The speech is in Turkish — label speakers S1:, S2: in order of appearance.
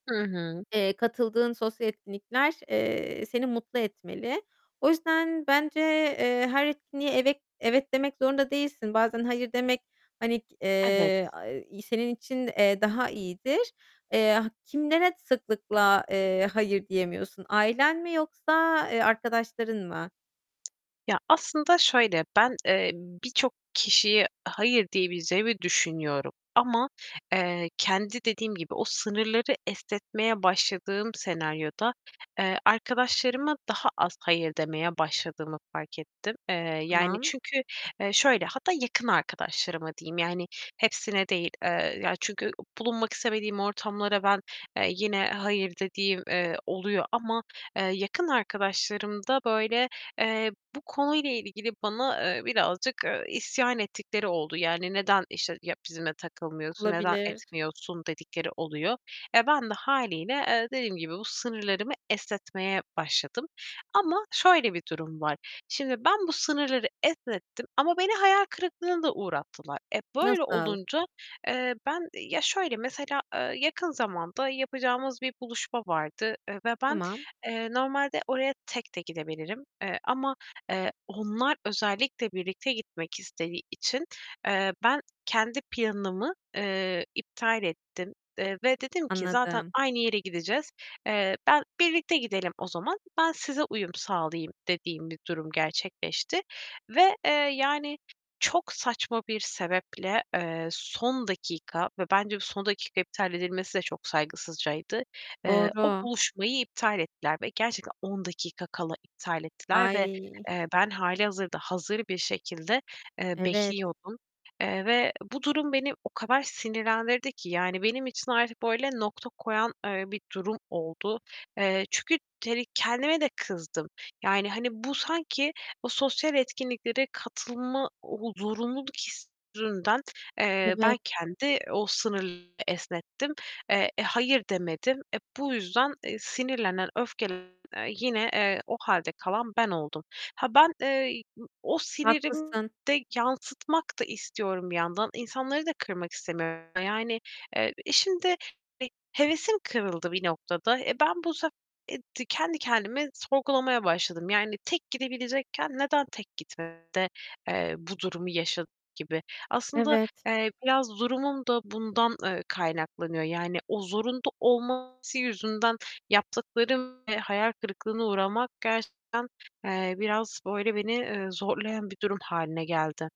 S1: Hı hı.
S2: Eee, katıldığın sosyal etkinlikler, eee, seni mutlu etmeli. O yüzden bence, eee, her etkinliğe evet evet demek zorunda değilsin. Bazen "hayır" demek, hani, k
S1: Evet.
S2: eee, aaa, senin için, eee, daha iyidir. Eee, ha kimlere sıklıkla, eee, "hayır" diyemiyorsun? Ailen mi yoksa, eee, arkadaşların mı?
S1: Ya, aslında şöyle, ben, eee, birçok kişiye "hayır" diyebileceğimi düşünüyorum. Ama, eee, kendi, dediğim gibi, o sınırları esnetmeye başladığım senaryoda, eee, arkadaşlarıma daha az "hayır" demeye başladığımı fark ettim. Eee, yani,
S2: Tamam.
S1: çünkü, eee, şöyle, hatta yakın arkadaşlarıma diyeyim yani hepsine değil. Eee, ya, çünkü, bulunmak istemediğim ortamlara ben, eee, yine "hayır" dediğim, eee, oluyor. Ama, eee, yakın arkadaşlarımda, böyle, eee, bu konuyla ilgili bana, eee, birazcık, ııı, isyan ettikleri oldu. Yani, "Neden, işte, ya bizimle takılmıyorsun, neden
S2: Olabilir.
S1: etmiyorsun?" dedikleri oluyor. Eee, ben de hâliyle, eee, dediğim gibi bu sınırlarımı esnetmeye başladım. Ama şöyle bir durum var: Şimdi ben bu sınırları esnettim ama beni hayal kırıklığına da uğrattılar. Eee, böyle
S2: Nasıl?
S1: olunca, eee, ben Ya, şöyle mesela, eee, yakın zamanda yapacağımız bir buluşma vardı. Eee, ve ben,
S2: Tamam.
S1: eee, normalde oraya tek de gidebilirim, eee, ama, eee, onlar özellikle birlikte gitmek istediği için, eee, ben kendi planımı, eee, iptal ettim, eee, ve dedim ki: "Zaten
S2: Anladım.
S1: aynı yere gideceğiz, eee, ben, birlikte gidelim o zaman, ben size uyum sağlayayım." dediğim bir durum gerçekleşti. Ve, eee, yani çok saçma bir sebeple, eee, son dakika ve bence bu son dakika iptal edilmesi de çok saygısızcaydı. Eee, o
S2: Doğru.
S1: buluşmayı iptal ettiler ve gerçekten 10 dakika kala iptal ettiler ve,
S2: Ay!
S1: eee, ben hâlihazırda hazır bir şekilde, eee,
S2: Evet.
S1: bekliyordum. Eee, ve bu durum beni o kadar sinirlendirdi ki yani benim için artık böyle nokta koyan, eee, bir durum oldu. Eee, çünkü, [unintelligible] kendime de kızdım. Yani, hani, bu sanki o sosyal etkinliklere katılma, o zorunluluk hissinden, eee, ben
S2: Evet.
S1: kendi o sınır esnettim. Eee, "hayır" demedim. Eee, bu yüzden, eee, sinirlenen, öfkelenen yine, eee, o hâlde kalan ben oldum. Ha, ben, eee, ı o sinirimi
S2: Haklısın.
S1: de yansıtmak da istiyorum bir yandan. İnsanları da kırmak istemiyorum yani. Eee, şimdi, hani, hevesim kırıldı bir noktada. Eee, ben bu sefer, eee, de kendi kendimi sorgulamaya başladım. Yani tek gidebilecekken neden tek gitmedim de, eee, bu durumu yaşadım gibi. Aslında,
S2: Evet.
S1: eee, biraz durumum da bundan, ııı, kaynaklanıyor. Yani, o zorunda olması yüzünden yaptıklarım ve hayal kırıklığına uğramak gerçekten, eee, biraz, böyle, beni, eee, zorlayan bir durum hâline geldi.